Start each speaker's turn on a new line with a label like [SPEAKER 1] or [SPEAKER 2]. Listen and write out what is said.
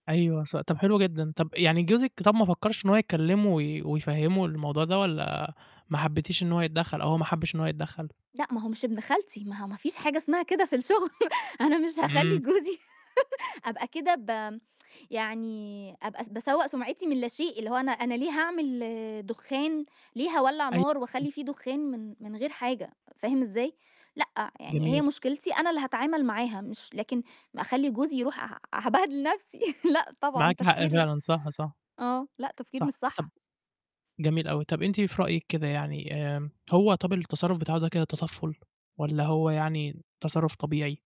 [SPEAKER 1] أيوه ص طَب حلو جدًا، طَب يعني جوزِك طَب ما فكّرش إن هو يكلّمه وي ويفهمُّه الموضوع ده والَّا ما حبيتيش إن هو يتدخل أو هو ما حبِّش إن هو يتدخل؟
[SPEAKER 2] لأ، ما هو مش ابن خالتي، ما هو ما فيش حاجة اسمها كده في الشغل أنا مش هاخلّي
[SPEAKER 1] إمم.
[SPEAKER 2] جوزي أبقى كده ب يعني أبقى با يعني آآ، أبقى باسوَّء سُمعِتي من لا شيء، اللي هو أنا أنا ليه هاعمل دخان ليه هاولّع
[SPEAKER 1] أيو
[SPEAKER 2] نار،
[SPEAKER 1] [unintelligible]
[SPEAKER 2] وأخلّي في دخان، من من غير حاجة فاهم إزاي؟ لأ، يعني هي
[SPEAKER 1] جميل.
[SPEAKER 2] مشكلتي أنا اللي هاتعامل معاها، مش لكن أخلّي جوزي يرُوح ه هابهدِل نفسي لأ، طبعًا
[SPEAKER 1] معاكِ حق
[SPEAKER 2] تفكير
[SPEAKER 1] فعلًا صح، صح.
[SPEAKER 2] آه، لأ تفكير
[SPEAKER 1] صح،
[SPEAKER 2] مش
[SPEAKER 1] طَب
[SPEAKER 2] صح.
[SPEAKER 1] جميل أوي، طَب أنتِ في رأيك كده يعني آآ، هو طَب التصرُّف بتاعه ده كده تطفُّل والَّا هو يعني تصرُّف طبيعي؟